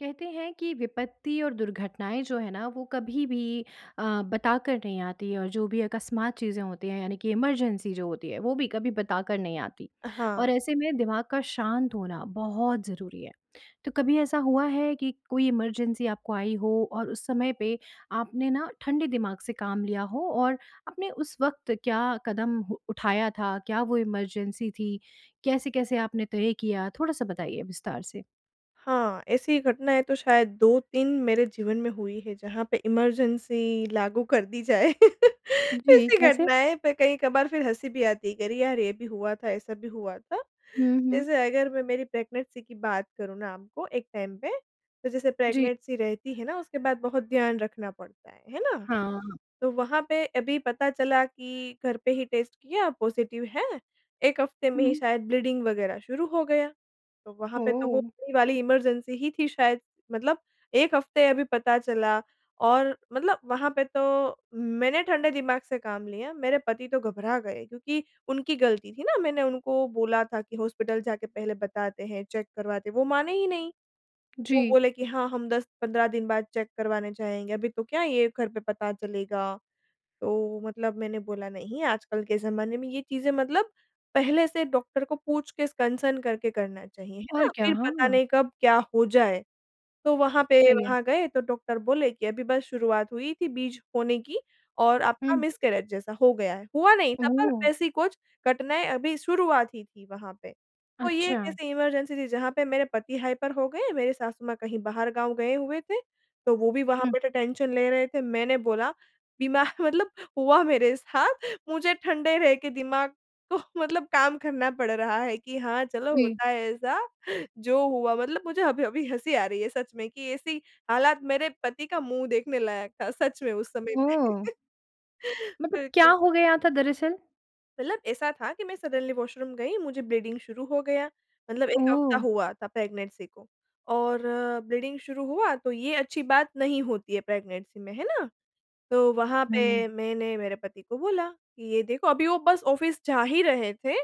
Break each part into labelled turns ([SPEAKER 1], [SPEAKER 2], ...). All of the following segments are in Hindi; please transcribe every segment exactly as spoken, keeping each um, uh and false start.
[SPEAKER 1] कहते हैं कि विपत्ति और दुर्घटनाएँ जो है ना वो कभी-भी अ, बताकर नहीं आती और जो भी अकस्मात चीज़ें होती हैं यानी कि इमरजेंसी जो होती है। वो भी कभी बताकर नहीं आती
[SPEAKER 2] अ,
[SPEAKER 1] और
[SPEAKER 2] हाँ।
[SPEAKER 1] ऐसे में दिमाग का शांत होना बहुत ज़रूरी है। तो कभी ऐसा हुआ है कि कोई इमरजेंसी आपको आई हो और उस समय पे आपने ना ठंडे दिमाग से काम लिया हो। और आपने उस वक़्त क्या कदम उठाया था? क्या वो इमरजेंसी थी? कैसे-कैसे आपने तय किया? थोड़ा-सा बताइए विस्तार से।
[SPEAKER 2] हाँ, ऐसी घटनाएँ तो शायद दो तीन मेरे जीवन में हुई है जहाँ पे इमरजेंसी लागू कर दी जाए
[SPEAKER 1] जी,
[SPEAKER 2] ऐसी
[SPEAKER 1] कैसे?
[SPEAKER 2] घटनाएँ पे कई कभार फ़िर हँसी भी आती है कि अरे यार ये भी हुआ था, ऐसा भी हुआ था।
[SPEAKER 1] हुँ, हुँ।
[SPEAKER 2] जैसे अगर मैं मेरी प्रेगनेंसी की बात करूँ ना आपको एक टाइम पे तो जैसे
[SPEAKER 1] जी।
[SPEAKER 2] प्रेगनेंसी रहती है ना उसके बाद बहुत ध्यान रखना पड़ता है। है ना?
[SPEAKER 1] हाँ।
[SPEAKER 2] तो वहाँ पे अभी पता चला कि घर पे ही टेस्ट किया पॉज़िटिव है। एक हफ़्ते में
[SPEAKER 1] हुँ,
[SPEAKER 2] ही
[SPEAKER 1] हुँ।
[SPEAKER 2] शायद ब्लीडिंग वग़ैरह शुरू हो गया। तो वहाँ पे तो वो
[SPEAKER 1] ओह!
[SPEAKER 2] वही वाली इमरजेंसी ही थी शायद। मतलब एक हफ़्ते अभी पता चला और मतलब वहाँ पे तो मैंने ठंडे दिमाग से काम लिया, मेरे पति तो घबरा गए क्योंकि उनकी ग़लती थी ना मैंने उनको बोला था कि हॉस्पिटल जाके पहले बताते हैं, चेक करवाते हैं, वो माने ही नहीं। वो
[SPEAKER 1] जी।
[SPEAKER 2] बोले कि हाँ, हम दस पंद्रह दिन बाद चेक करवाने जाएँगे। अभी तो क्या ये घर पे पता चलेगा। तो मतलब मैंने बोला नहीं आजकल के ज़माने में ये चीज़ें मतलब पहले से डॉक्टर को पूछ के, कंसर्न करके करना चाहिए। है
[SPEAKER 1] और
[SPEAKER 2] ना?
[SPEAKER 1] क्या?
[SPEAKER 2] फ़िर पता
[SPEAKER 1] हाँ।
[SPEAKER 2] नहीं कब क्या हो जाए। तो वहाँ पे
[SPEAKER 1] सही है।
[SPEAKER 2] वहाँ गए तो डॉक्टर बोले कि अभी बस शुरुआत हुई थी बीज होने की और आपका
[SPEAKER 1] हुँ।
[SPEAKER 2] मिसकैरेज जैसा हो गया है। हुआ नहीं था पर
[SPEAKER 1] ओह!
[SPEAKER 2] वैसी कुछ घटनाएँ अभी शुरुआत ही थी वहाँ पे। तो ये एक
[SPEAKER 1] अच्छा।
[SPEAKER 2] ऐसी इमरजेंसी थी जहाँ पे मेरे पति हाइपर हो गए, मेरे सासु माँ कहीं बाहर गाँव गए हुए थे। तो वो भी वहाँ
[SPEAKER 1] हुँ।
[SPEAKER 2] बैठे टेंशन ले रहे थे मैंने बोला दिमाग मतलब हुआ मेरे साथ मुझे ठंडे रह के दिमाग को मतलब काम करना पड़ रहा है कि हाँ चलो
[SPEAKER 1] जी।
[SPEAKER 2] होता है ऐसा। जो हुआ मतलब मुझे अभी-अभी हँसी आ रही है सच में कि ऐसी हालात मेरे पति का मुँह देखने लायक था सच में उस समय में।
[SPEAKER 1] ओह! मतलब क्या
[SPEAKER 2] बिल्कुल।
[SPEAKER 1] हो गया था, दरअसल?
[SPEAKER 2] मतलब ऐसा था कि मैं सडनली वॉशरूम गई मुझे ब्लीडिंग शुरू हो गया, मतलब एक हफ्ता
[SPEAKER 1] ओह!
[SPEAKER 2] हुआ था प्रेग्नेंसी को। और ब्लीडिंग शुरू हुआ तो ये अच्छी बात नहीं होती है प्रेग्नेंसी में। है ना? तो वहाँ
[SPEAKER 1] हुँ।
[SPEAKER 2] पे मैंने मेरे पति को बोला कि ये देखो अभी वो बस ऑफ़िस जा ही रहे थे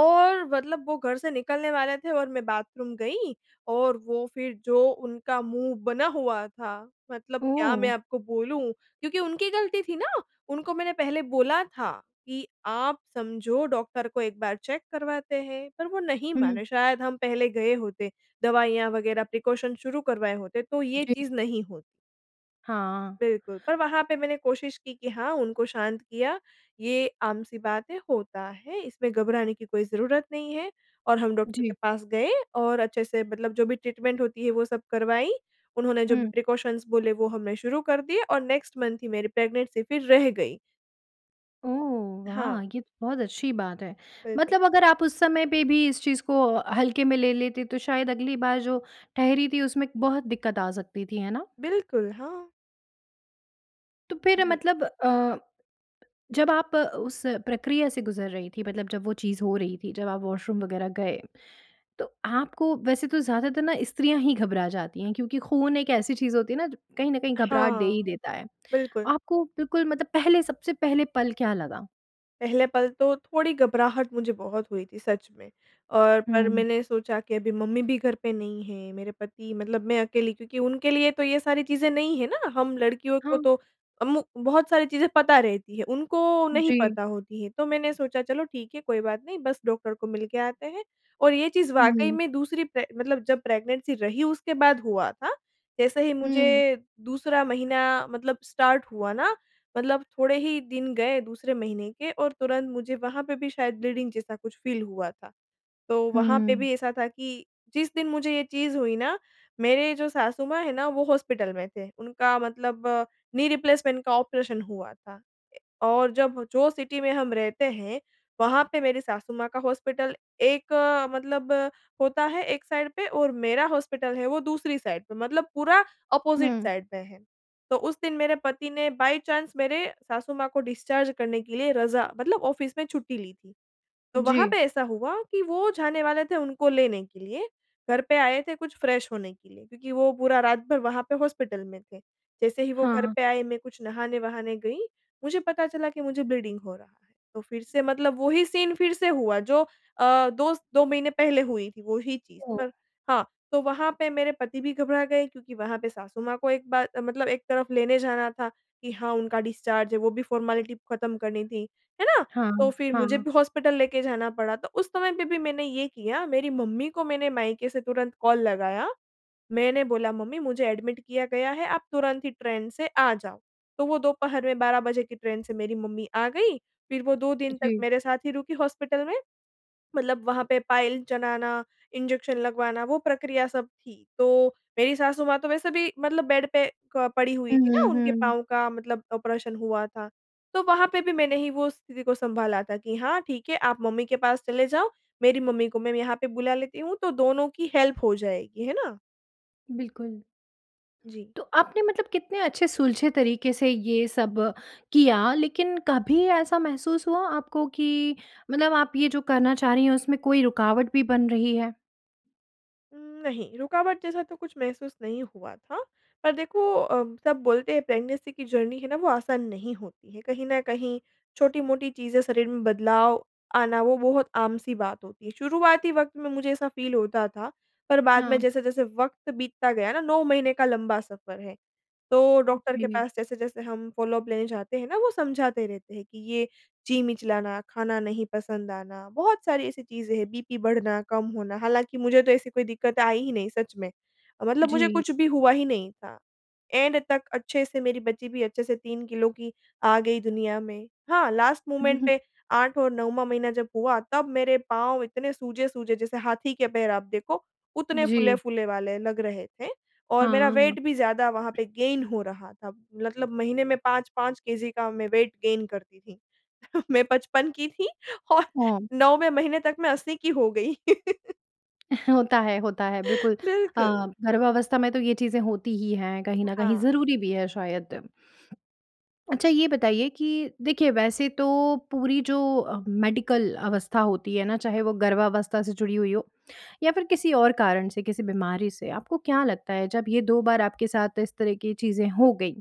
[SPEAKER 2] और मतलब वो घर से निकलने वाले थे। और मैं बाथरूम गई, और वो फ़िर जो उनका मुँह बना हुआ था मतलब क्या मैं
[SPEAKER 1] ओह!
[SPEAKER 2] आपको बोलूँ? क्योंकि उनकी गलती थी ना, उनको मैंने पहले बोला था कि आप समझो डॉक्टर को एक बार चेक करवाते हैं, पर वो नहीं
[SPEAKER 1] हुँ।
[SPEAKER 2] माने। शायद हम पहले गए होते, दवाइयाँ वगैरह, प्रिकॉशन शुरू करवाए होते, तो ये
[SPEAKER 1] जी।
[SPEAKER 2] चीज़ नहीं होती।
[SPEAKER 1] हाँ।
[SPEAKER 2] बिल्कुल, पर वहाँ पे मैंने कोशिश की कि हाँ, उनको शांत किया, ये आम-सी बात है होता है, इसमें घबराने की कोई ज़रूरत नहीं है। और हम डॉक्टर के
[SPEAKER 1] जी।
[SPEAKER 2] पास गए और अच्छे से मतलब जो भी ट्रीटमेंट होती है वो सब करवाई। उन्होंने जो भी
[SPEAKER 1] हुँ।
[SPEAKER 2] प्रिकॉशन्स बोले वो हमने शुरू कर दिए और नेक्स्ट मंथ ही मेरी प्रेग्नेंसी फ़िर रह गई।
[SPEAKER 1] ओह,
[SPEAKER 2] हाँ।
[SPEAKER 1] वाह! ये तो बहुत अच्छी बात है।
[SPEAKER 2] बिल्कुल।
[SPEAKER 1] मतलब अगर आप उस समय पे भी इस चीज़ को हल्के में ले लेते, तो शायद अगली बार जो ठहरी थी उसमें बहुत दिक्कत आ सकती थी। है ना?
[SPEAKER 2] बिल्कुल, हाँ।
[SPEAKER 1] तो फ़िर
[SPEAKER 2] जी।
[SPEAKER 1] मतलब अ, जब आप उस प्रक्रिया से गुज़र रहीं थीं, मतलब जब वो चीज़ हो रही थी, जब आप वॉशरूम वग़ैरह गए। तो आपको वैसे तो ज़्यादातर ना स्त्रियाँ ही घबरा जाती हैं क्योंकि खून एक ऐसी चीज़ होती है ना ज कहीं न कहीं घबराहट दे
[SPEAKER 2] हाँ।
[SPEAKER 1] ही देता है।
[SPEAKER 2] बिल्कुल।
[SPEAKER 1] आपको बिल्कुल मतलब पहले सबसे पहले पल क्या लगा?
[SPEAKER 2] पहले पल तो थोड़ी घबराहट मुझे बहुत हुई थी सच में। और पर
[SPEAKER 1] हुँ।
[SPEAKER 2] मैंने सोचा कि अभी मम्मी भी घर पे नहीं हैं मेरे पति मतलब मैं अकेली क्योंकि उनके लिए तो ये सारी चीज़ें नई हैं ना। हम लड़कियों को
[SPEAKER 1] हाँ।
[SPEAKER 2] तो हम बहुत सारी चीज़ें पता रहती हैं, उनको नहीं
[SPEAKER 1] जी।
[SPEAKER 2] पता होती हैं। तो मैंने सोचा चलो ठीक है कोई बात नहीं बस डॉक्टर को मिल के आते हैं और ये चीज़ वाक़ई
[SPEAKER 1] हुँ।
[SPEAKER 2] में दूसरी प्रे मतलब जब प्रेग्नेंसी रही उसके बाद हुआ था। जैसे ही
[SPEAKER 1] हुँ।
[SPEAKER 2] मुझे दूसरा महीना मतलब स्टार्ट हुआ ना मतलब थोड़े ही दिन गए दूसरे महीने के और तुरंत मुझे वहाँ पे भी शायद ब्लीडिंग जैसा कुछ फ़ील हुआ था। तो वहाँ पे
[SPEAKER 1] हुँ।
[SPEAKER 2] भी ऐसा था कि जिस दिन मुझे ये चीज़ हुई ना मेरे जो सासू-माँ है ना वो हॉस्पिटल में थे। उनका मतलब नी रिप्लेसमेंट का ऑपरेशन हुआ था। और जब जो सिटी में हम रहते हैं वहाँ पे मेरी सासू-माँ का हॉस्पिटल एक मतलब होता है एक साइड पे और मेरा हॉस्पिटल है वो दूसरी साइड पे। मतलब पूरा ऑपोज़िट
[SPEAKER 1] हुँ।
[SPEAKER 2] साइड में है। तो उस दिन मेरे पति ने बाई चांस मेरे सासू माँ को डिस्चार्ज करने के लिए रज़ा मतलब ऑफ़िस में छुट्टी ली थी। तो वहाँ
[SPEAKER 1] जी।
[SPEAKER 2] पे ऐसा हुआ कि वो जाने वाले थे उनको लेने के लिए, घर पे आए थे कुछ फ़्रेश होने के लिए क्योंकि वो पूरा रात भर वहाँ पे हॉस्पिटल में थे। जैसे ही वो घर
[SPEAKER 1] हाँ।
[SPEAKER 2] पे आए मैं कुछ नहाने-वहाने गई मुझे पता चला कि मुझे ब्लीडिंग हो रहा है। तो फ़िर से मतलब वो ही सीन फ़िर से हुआ जो अ, दोस दो महीने पहले हुई थी वो ही चीज़।
[SPEAKER 1] ओह!
[SPEAKER 2] पर हाँ, तो वहाँ पे मेरे पति भी घबरा गए क्योंकि वहाँ पे सासू-माँ को एक बार मतलब एक तरफ़ लेने जाना था कि हाँ उनका डिस्चार्ज है। वो भी फॉर्मेलिटी ख़त्म करनी थी। है ना?
[SPEAKER 1] हाँ,
[SPEAKER 2] तो फ़िर मुझे
[SPEAKER 1] हाँ।
[SPEAKER 2] भी हॉस्पिटल लेके जाना पड़ा। तो उस समय पे भी मैंने ये किया मेरी मम्मी को मैंने मायके से तुरंत कॉल लगाया। मैंने बोला, "मम्मी मुझे एडमिट किया गया है आप तुरंत ही ट्रेन से आ जाओ।" तो वो दोपहर में बारह बजे की ट्रेन से मेरी मम्मी आ गईं। फ़िर वो दो दिन तक
[SPEAKER 1] जी।
[SPEAKER 2] मेरे साथ ही रुकीं हॉस्पिटल में, मतलब वहाँ पे पाइल चढ़ाना, इंजेक्शन लगवाना वो प्रक्रिया सब थी। तो मेरी सासू-माँ तो वैसे भी मतलब बेड पे क पड़ी हुईं
[SPEAKER 1] हुँ,
[SPEAKER 2] थीं ना
[SPEAKER 1] हुँ,
[SPEAKER 2] उनके
[SPEAKER 1] हुँ।
[SPEAKER 2] पाँव का मतलब ऑपरेशन हुआ था। तो वहाँ पे भी मैंने ही वो स्थिति को सँभाला था कि हाँ ठीक है आप मम्मी के पास चले जाओ। मेरी मम्मी को मैं यहाँ पे बुला लेती हूँ तो दोनों की हेल्प हो जाएगी। है ना?
[SPEAKER 1] बिल्कुल।
[SPEAKER 2] जी।
[SPEAKER 1] तो आपने मतलब कितने अच्छे सुलझे तरीके से ये सब किया लेकिन कभी ऐसा महसूस हुआ आपको कि मतलब आप ये जो करना चाह रही हैं उसमें कोई रुकावट भी बन रही है?
[SPEAKER 2] उम, नहीं रुकावट जैसा तो कुछ महसूस नहीं हुआ था। पर देखो अ, सब बोलते हैं प्रेगनेंसी की जर्नी है ना वो आसान नहीं होती है कहीं न कहीं छोटी-मोटी चीज़ें, शरीर में बदलाव आना वो बहुत आम-सी बात होती है शुरुआती वक़्त में मुझे ऐसा फ़ील होता था, पर बाद में
[SPEAKER 1] हाँ।
[SPEAKER 2] जैसे-जैसे वक़्त बीतता गया ना, नौ महीने का लंबा सफर है। तो
[SPEAKER 1] हु
[SPEAKER 2] डॉक्टर के
[SPEAKER 1] जी।
[SPEAKER 2] पास जैसे-जैसे हम फॉलो-अप लेने जाते हैं ना वो समझाते रहते हैं कि ये जी मिचलाना, खाना नहीं पसंद आना, बहुत सारी ऐसी चीज़ें हैं बीपी बढ़ना, कम होना, हालाँकि मुझे तो ऐसी कोई दिक्कतें आई ही नहीं सच में। मतलब मुझे
[SPEAKER 1] जी।
[SPEAKER 2] कुछ भी हुआ ही नहीं था। एंड तक अच्छे से मेरी बच्ची भी अच्छे से तीन किलो की आ गई दुनिया में। हाँ लास्ट
[SPEAKER 1] हुँ,
[SPEAKER 2] मोमेंट
[SPEAKER 1] हुँ।
[SPEAKER 2] पे आठ और नौवाँ महीना जब हुआ तब मेरे पाँव इतने सूजे-सूजे जैसे हाथी के पैर आप देखो उतने
[SPEAKER 1] जी।
[SPEAKER 2] फूले-फूले वाले लग रहे थे और मेरा
[SPEAKER 1] हाँ।
[SPEAKER 2] वेट भी ज़्यादा वहाँ पे गेन हो रहा था। मतलब महीने में पाँच पाँच केजी का मैं वेट गेन करती थी। मैं पचपन की थी और
[SPEAKER 1] हाँ।
[SPEAKER 2] नौवें महीने तक मैं अस्सी की हो गई।
[SPEAKER 1] होता है होता है बिल्कुल अ,
[SPEAKER 2] बिल्कुल।
[SPEAKER 1] गर्भावस्था में तो ये चीज़ें होती ही हैं, कहीं न कहीं
[SPEAKER 2] हाँ।
[SPEAKER 1] ज़रूरी भी है शायद। अच्छा, ये बताइए कि देखिए, वैसे तो पूरी जो मेडिकल अवस्था होती है ना, चाहे वो गर्भावस्था से जुड़ी हुई हो या फिर किसी और कारण से, किसी बीमारी से। आपको क्या लगता है, जब ये दो बार आपके साथ इस तरह की चीज़ें हो गईं,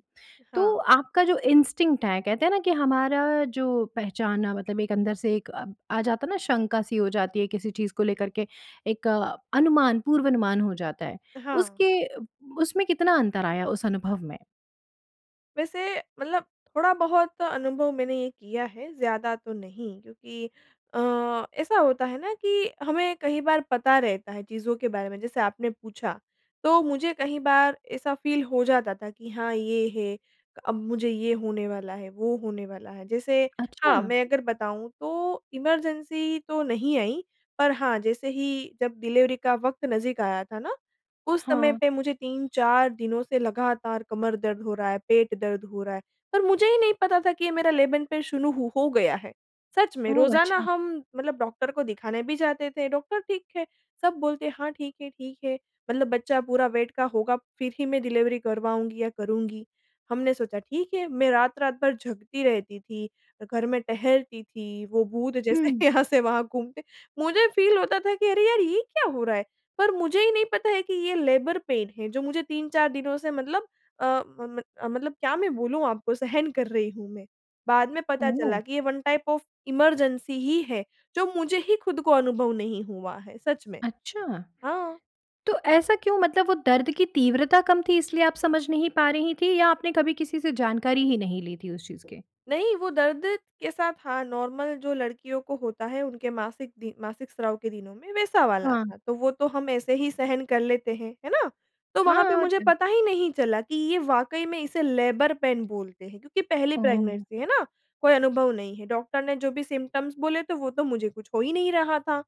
[SPEAKER 1] तो
[SPEAKER 2] हाँ।
[SPEAKER 1] आपका जो इंस्टिंक्ट है, कहते हैं ना कि हमारा जो पहचानना मतलब एक अंदर से एक अ, आ जाता है ना, शंका सी हो जाती है किसी चीज़ को लेकर के, एक अ, अनुमान, पूर्व अनुमान हो जाता है
[SPEAKER 2] अ, हाँ।
[SPEAKER 1] उसके उब उसमें कितना अंतर आया उस अनुभव में?
[SPEAKER 2] वैसे, मतलब थोड़ा-बहुत अनुभव मैंने ये किया है, ज़्यादा तो नहीं क्योंकि अ, ऐसा होता है ना कि हमें कही बार पता रहता है चीज़ों के बारे में जैसे आपने पूछा, तो मुझे कही बार ऐसा फ़ील हो जाता था कि हाँ, ये है अब मुझे ये होने वाला है, वो होने वाला है जैसे
[SPEAKER 1] अच्छा।
[SPEAKER 2] हाँ, मैं अगर बताऊँ तो इमरजेंसी तो नहीं आई, पर हाँ, जैसे ही जब डिलीवरी का वक़्त नज़दीक आया था ना, उस समय
[SPEAKER 1] हाँ।
[SPEAKER 2] पे मुझे तीन चार दिनों से लगातार कमर दर्द हो रहा है, पेट दर्द हो रहा है, पर मुझे ही नहीं पता था कि ये मेरा लेबर पेन शुरू हो हो गया है सच में,
[SPEAKER 1] ओह!
[SPEAKER 2] रोज़ाना
[SPEAKER 1] अच्छा।
[SPEAKER 2] हम मतलब डॉक्टर को दिखाने भी जाते थे, डॉक्टर ठीक है सब बोलते हैं, हाँ, ठीक है ठीक है, मतलब बच्चा पूरा वेट का होगा फिर ही मैं डिलीवरी करवाऊँगी या करूँगी। हमने सोचा ठीक है, मैं रात-रात भर जगती रहती थी, घर में टहलती थी, वो भूत जैसे
[SPEAKER 1] हुँ।
[SPEAKER 2] यहाँ से वहाँ घूमते मुझे फ़ील होता था कि अरे यार! ये क्या हो रहा है, पर मुझे ही नहीं पता है कि ये लेबर पेन है जो मुझे तीन चार दिनों से मतलब अ म म अ, मतलब क्या मैं बोलूँ आपको, सहन कर रही हूँ मैं। बाद में पता
[SPEAKER 1] ओह!
[SPEAKER 2] चला कि ये वन टाइप ऑफ इमरजेंसी ही है, जो मुझे ही खुद को अनुभव नहीं हुआ है, सच में।
[SPEAKER 1] अच्छा।
[SPEAKER 2] हाँ।
[SPEAKER 1] तो ऐसा क्यों मतलब वो दर्द की तीव्रता कम थी इसलिए आप समझ नहीं पा रही थी या आपने कभी किसी से जानकारी ही नहीं ली थी उस चीज़ के?
[SPEAKER 2] नहीं, वो दर्द के साथ हाँ, नॉर्मल जो लड़कियों को होता है, उनके मासिक दि मासिक स्राव के दिनों में वैसा वाला
[SPEAKER 1] हाँ।
[SPEAKER 2] था, तो वो तो हम ऐसे ही सहन कर लेते हैं, है ना? तो
[SPEAKER 1] हाँ
[SPEAKER 2] वहाँ पे
[SPEAKER 1] और
[SPEAKER 2] मुझे
[SPEAKER 1] क्या।
[SPEAKER 2] पता ही नहीं चला कि ये वाक़ई में इसे लेबर पेन बोलते हैं, क्योंकि पहली
[SPEAKER 1] ओह!
[SPEAKER 2] प्रेगनेंसी, है ना? कोई अनुभव नहीं है, डॉक्टर ने जो भी सिम्पटम्स बोले तो वो तो मुझे कुछ हो ही नहीं रहा था,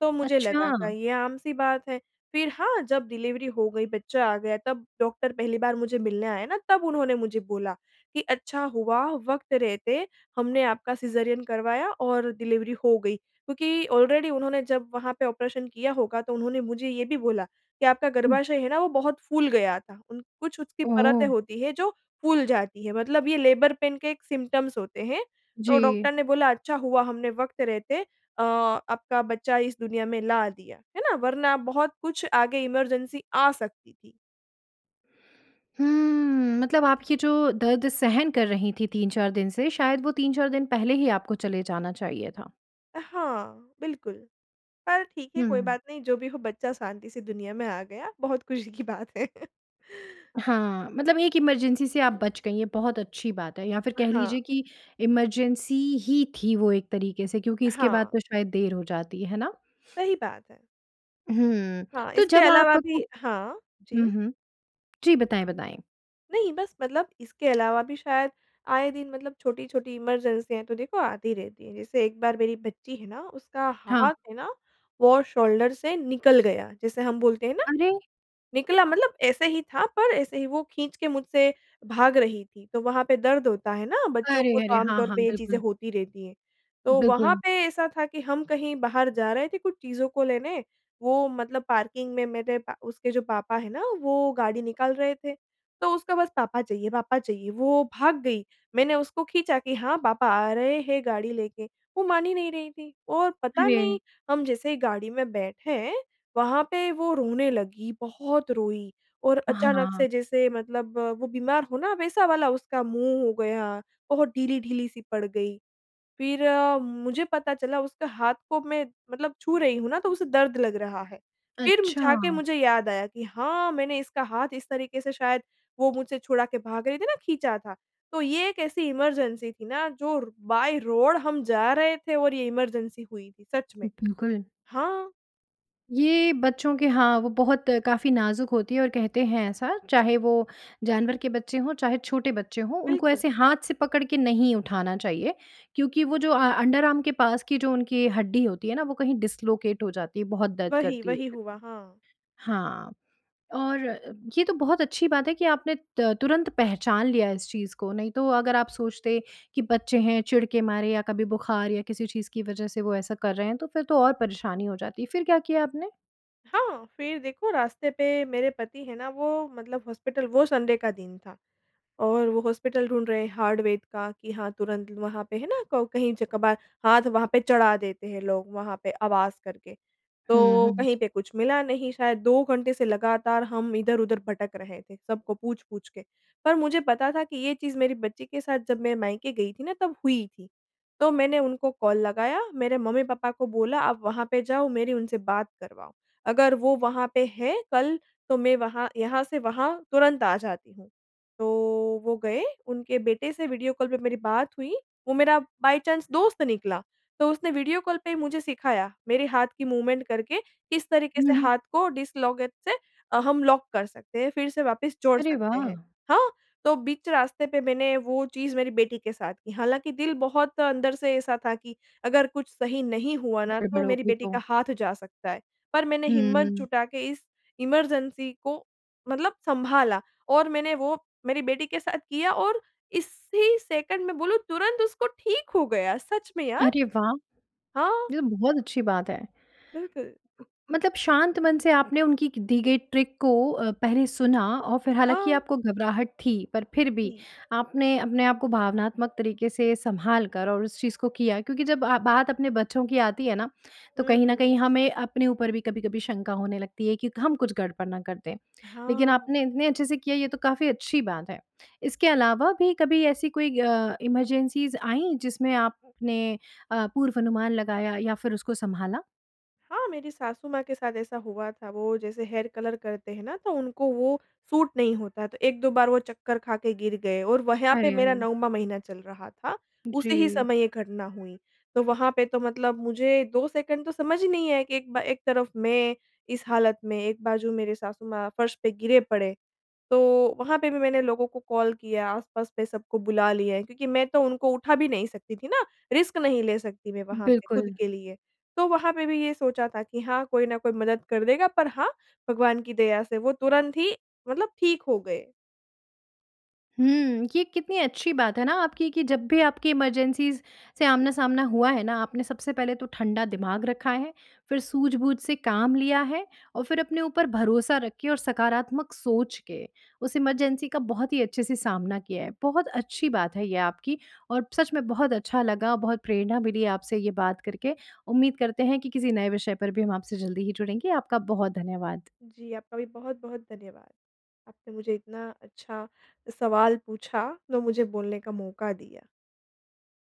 [SPEAKER 2] तो मुझे लगा था
[SPEAKER 1] अच्छा।
[SPEAKER 2] ये आम-सी बात है। फिर हाँ, जब डिलिवरी हो गई, बच्चा आ गया, तब डॉक्टर पहली बार मुझे मिलने आया ना, तब उन्होंने मुझे बोला कि अच्छा हुआ वक़्त रहते हमने आपका सिज़ेरियन करवाया और डिलिवरी हो गई, क्योंकि ऑलरेडी उन्होंने जब वहाँ पे ऑपरेशन किया होगा तो उन्होंने मुझे ये भी बोला कि आपका
[SPEAKER 1] हुँ।
[SPEAKER 2] गर्भाशय है ना, वो बहुत फूल गया था। उन कुछ उसकी परतें
[SPEAKER 1] ओह!
[SPEAKER 2] होती है जो फूल जाती है, मतलब ये लेबर पेन के एक सिम्पटम्स होते हैं। और
[SPEAKER 1] जी।
[SPEAKER 2] डॉक्टर ने बोला, अच्छा हुआ हमने वक़्त रहते अ, आपका बच्चा इस दुनिया में ला दिया, है ना? वरना बहुत कुछ आगे इमरजेंसी आ सकती थी।
[SPEAKER 1] हुँ, मतलब आप ये जो दर्द सहन कर रही थीं तीन-चार दिन से शायद वो तीन-चार दिन पहले ही आपको चले जाना चाहिए था।
[SPEAKER 2] अ, हाँ, बिल्कुल पर ठीक है कोई
[SPEAKER 1] हुँ।
[SPEAKER 2] बात नहीं जो भी हो बच्चा शांति से दुनिया में आ गया, बहुत ख़ुशी की बात है।
[SPEAKER 1] हाँ, मतलब एक इमरजेंसी से आप बच गई ये बहुत अच्छी बात है। या फ़िर
[SPEAKER 2] अ,
[SPEAKER 1] कह
[SPEAKER 2] हाँ।
[SPEAKER 1] लीजिए कि इमरजेंसी ही थी वो एक तरीके से क्योंकि इसके बाद
[SPEAKER 2] हाँ।
[SPEAKER 1] तो शायद देर हो जाती, है ना?
[SPEAKER 2] सही बात है।
[SPEAKER 1] हुँ,
[SPEAKER 2] हाँ,
[SPEAKER 1] तो
[SPEAKER 2] इसके
[SPEAKER 1] जब
[SPEAKER 2] अलावा
[SPEAKER 1] आपको
[SPEAKER 2] भी हाँ,
[SPEAKER 1] हुँ,
[SPEAKER 2] जी।
[SPEAKER 1] हुँ। जी बताएँ, बताएँ।
[SPEAKER 2] नहीं बस मतलब इसके अलावा भी शायद आए दिन मतलब छोटी-छोटी इमरजेंसियाँ तो देखो आती रहती हैं। जैसे एक बार मेरी बच्ची है ना उसका
[SPEAKER 1] हाँ।
[SPEAKER 2] हाथ है ना, वो शोल्डर से निकल गया, जैसे हम बोलते हैं ना
[SPEAKER 1] अरे!
[SPEAKER 2] निकला मतलब ऐसे ही था पर ऐसे ही वो खींच के मुझसे भाग रही थी। तो वहाँ पे दर्द होता है ना, बच्चों
[SPEAKER 1] अरे!
[SPEAKER 2] को तो
[SPEAKER 1] अरे!
[SPEAKER 2] आम
[SPEAKER 1] हाँ,
[SPEAKER 2] तौर
[SPEAKER 1] हाँ,
[SPEAKER 2] पे ये चीज़ें
[SPEAKER 1] बिल्कुल।
[SPEAKER 2] होती रहती हैं। तो वहाँ
[SPEAKER 1] बिल्कुल।
[SPEAKER 2] पे ऐसा था कि हम कहीं बाहर जा रहे थे कुछ चीज़ों को लेने, वो मतलब पार्किंग में मेरे प उसके जो पापा है ना वो गाड़ी निकाल रहे थे। तो उसका बस पापा चाहिए, पापा चाहिए वो भाग गई, मैंने उसको खींचा कि हाँ पापा आ रहे हैं गाड़ी लेके, वो मान ही नहीं रही थी। और पता नहीं
[SPEAKER 1] अरे!
[SPEAKER 2] हम जैसे ही गाड़ी में बैठे, वहाँ पे वो रोने लगी, बहुत रोई और अचानक
[SPEAKER 1] हाँ।
[SPEAKER 2] से जैसे मतलब वो बीमार हो ना वैसा वाला उसका मुँह हो गया, बहुत ढीली-ढीली सी पड़ गई। फ़िर अ, मुझे पता चला उसका हाथ को मैं मतलब छू रही हूँ ना तो उसे दर्द लग रहा है, फ़िर
[SPEAKER 1] अच्छा।
[SPEAKER 2] जाके मुझे याद आया कि हाँ मैंने इसका हाथ इस तरीके से शायद वो मुझसे छुड़ा के भाग रही थी ना खींचा था। तो ये एक ऐसी इमरजेंसी थी ना जो र बाय रोड हम जा रहे थे और ये इमरजेंसी हुई थी सच में।
[SPEAKER 1] बिल्कुल।
[SPEAKER 2] हाँ।
[SPEAKER 1] ये बच्चों के हाँ, वो बहुत काफ़ी नाज़ुक होती हैं और कहते हैं ऐसा, चाहे वो जानवर के बच्चे हों चाहे, छोटे बच्चे हों उनको
[SPEAKER 2] बिल्कुल।
[SPEAKER 1] ऐसे हाथ से पकड़ के नहीं उठाना चाहिए, क्योंकि वो जो अ अंडरआर्म के पास की जो उनकी हड्डी होती है ना वो कहीं डिस्लॉकेट हो जाती है बहुत दर्द
[SPEAKER 2] वही,
[SPEAKER 1] करती है
[SPEAKER 2] वही
[SPEAKER 1] फ़िर।
[SPEAKER 2] हुआ, हाँ।
[SPEAKER 1] हाँ। और अ, ये तो बहुत अच्छी बात है कि आपने अ, तुरंत पहचान लिया इस चीज़ को नहीं, तो अगर आप सोचते कि बच्चे हैं चिढ़ के मारे या कभी बुख़ार या किसी चीज़ की वजह से वो ऐसा कर रहे हैं तो फ़िर तो और परेशानी हो जाती, फ़िर क्या किया आपने?
[SPEAKER 2] हाँ, फ़िर देखो रास्ते पे मेरे पति है ना वो मतलब हॉस्पिटल वो संडे का दिन था और वो हॉस्पिटल ढूँढ रहे हैं हाड़वैद्य का कि हाँ तुरंत ल वहाँ पे है ना को कहीं ज कभार हाथ वहाँ पे चढ़ा देते हैं लोग वहाँ पे आवाज़ करके।
[SPEAKER 1] हुँ,
[SPEAKER 2] तो
[SPEAKER 1] हुँ।
[SPEAKER 2] कहीं पे कुछ मिला नहीं शायद दो घंटे से लगातार हम इधर-उधर भटक रहे थे सबको पूछ-पूछ के। पर मुझे पता था कि ये चीज़ मेरी बच्ची के साथ जब मैं मायके गई थी ना तब हुई थी, तो मैंने उनको कॉल लगाया मेरे मम्मी-पापा को बोला आप वहाँ पे जाओ मेरी उनसे बात करवाओ। अगर वो वहाँ पे है कल, तो मैं वहाँ यहाँ से वहाँ तुरंत आ जाती हूँ। तो वो गए उनके बेटे से वीडियो कॉल पे मेरी बात हुई, वो मेरा बाय चाँस दोस्त निकला, तो उसने वीडियो कॉल पे ही मुझे सिखाया मेरे हाथ की मूवमेंट करके किस तरीक़े से
[SPEAKER 1] हुँ, हुँ।
[SPEAKER 2] हाथ को डिस्लॉकेट से अ, हम लॉक कर सकते हैं, फ़िर से वापस जोड़
[SPEAKER 1] अरे
[SPEAKER 2] सकते
[SPEAKER 1] वाह!
[SPEAKER 2] हैं। हाँ, तो बीच रास्ते पे मैंने वो चीज़ मेरी बेटी के साथ की। हालाँकि दिल बहुत अंदर से ऐसा था कि अगर कुछ सही नहीं हुआ ना तो
[SPEAKER 1] गड़बड़ हो
[SPEAKER 2] मेरी
[SPEAKER 1] गई
[SPEAKER 2] बेटी
[SPEAKER 1] तो?
[SPEAKER 2] का हाथ जा सकता है, पर मैंने हिम्मत
[SPEAKER 1] हुँ।
[SPEAKER 2] जुटा के इस इमरजेंसी को मतलब सँभाला और मैंने वो मेरी बेटी के साथ किया और इसी सेकंड में बोलूँ तुरंत उसको ठीक हो गया सच में यार।
[SPEAKER 1] अरे वाह!
[SPEAKER 2] हाँ।
[SPEAKER 1] ये तो बहुत अच्छी बात है।
[SPEAKER 2] बिल्कुल।
[SPEAKER 1] उ मतलब शांत मन से आपने उनकी की दी गई ट्रिक को अ, पहले सुना और फ़िर हालाँकि
[SPEAKER 2] हाँ।
[SPEAKER 1] आपको घबराहट थी, पर फ़िर भी
[SPEAKER 2] जी।
[SPEAKER 1] आपने अपने आप को भावनात्मक तरीक़े से सँभाल कर और उस चीज़ को किया क्योंकि जब आप बात अपने बच्चों की आती है ना, तो कहीं न कहीं
[SPEAKER 2] हुँ।
[SPEAKER 1] हमें अपने ऊपर भी कभी-कभी शंका होने लगती है कि हम कुछ गड़बड़ ना कर दें, लेक़िन
[SPEAKER 2] हाँ।
[SPEAKER 1] आपने इतने अच्छे से किया ये तो काफ़ी अच्छी बात है। इसके अलावा भी कभी ऐसी कोई अ, इमरजेंसीस आईं जिसमें आप आपने अ, पूर्व अनुमान लगाया या फ़िर उसको सँभाला?
[SPEAKER 2] हाँ, मेरी सासु-माँ के साथ ऐसा हुआ था, वो जैसे हेयर कलर करते हैं ना तो उनको वो सूट नहीं होता है। तो एक दो बार वो चक्कर खा के गिर गए और व यहाँ पे
[SPEAKER 1] अरे,
[SPEAKER 2] मेरा
[SPEAKER 1] अरे!
[SPEAKER 2] नौवाँ महीना चल रहा था, उसी ही
[SPEAKER 1] जी।
[SPEAKER 2] समय ये घटना हुई। तो वहाँ पे तो मतलब मुझे दो सेकंड तो समझ ही नहीं आया कि एक बा एक तरफ़ मैं इस हालत में, एक बाजू मेरे सासु माँ फर्श पे गिरे पड़े। तो वहाँ पे भी मैंने लोगों को कॉल किया, आस-पास पे सबको बुला लिया है क्योंकि मैं तो उनको उठा भी नहीं सकती थी ना, रिस्क नहीं ले सकती मैं वहाँ पे खुद
[SPEAKER 1] बिल्कुल।
[SPEAKER 2] के लिए। तो वहाँ पे भी ये सोचा था कि हाँ, कोई ना कोई मदद कर देगा पर हाँ, भगवान की दया से वो तुरंत ही मतलब ठीक हो गए।
[SPEAKER 1] हुँ, ये कितनी अच्छी बात है ना आपकी कि जब भी आपकी इमरजेंसीज़ से आमना-सामना हुआ है ना। आपने सबसे पहले तो ठंडा दिमाग रखा है, फ़िर सूझ-बूझ से काम लिया है। और फ़िर अपने ऊपर भरोसा रख के और सकारात्मक सोच के, उस इमरजेंसी का बहुत ही अच्छे से सामना किया है। बहुत अच्छी बात है ये आपकी और सच में बहुत अच्छा लगा, बहुत प्रेरणा मिली आपसे ये बात करके, उम्मीद करते हैं कि किसी नए विषय पर भी हम आपसे जल्दी ही जुड़ेंगे। आपका बहुत धन्यवाद।
[SPEAKER 2] जी, आपका भी बहुत-बहुत धन्यवाद। आपसे मुझे इतना अच्छा सवाल पूछा, तो मुझे बोलने का मौका दिया।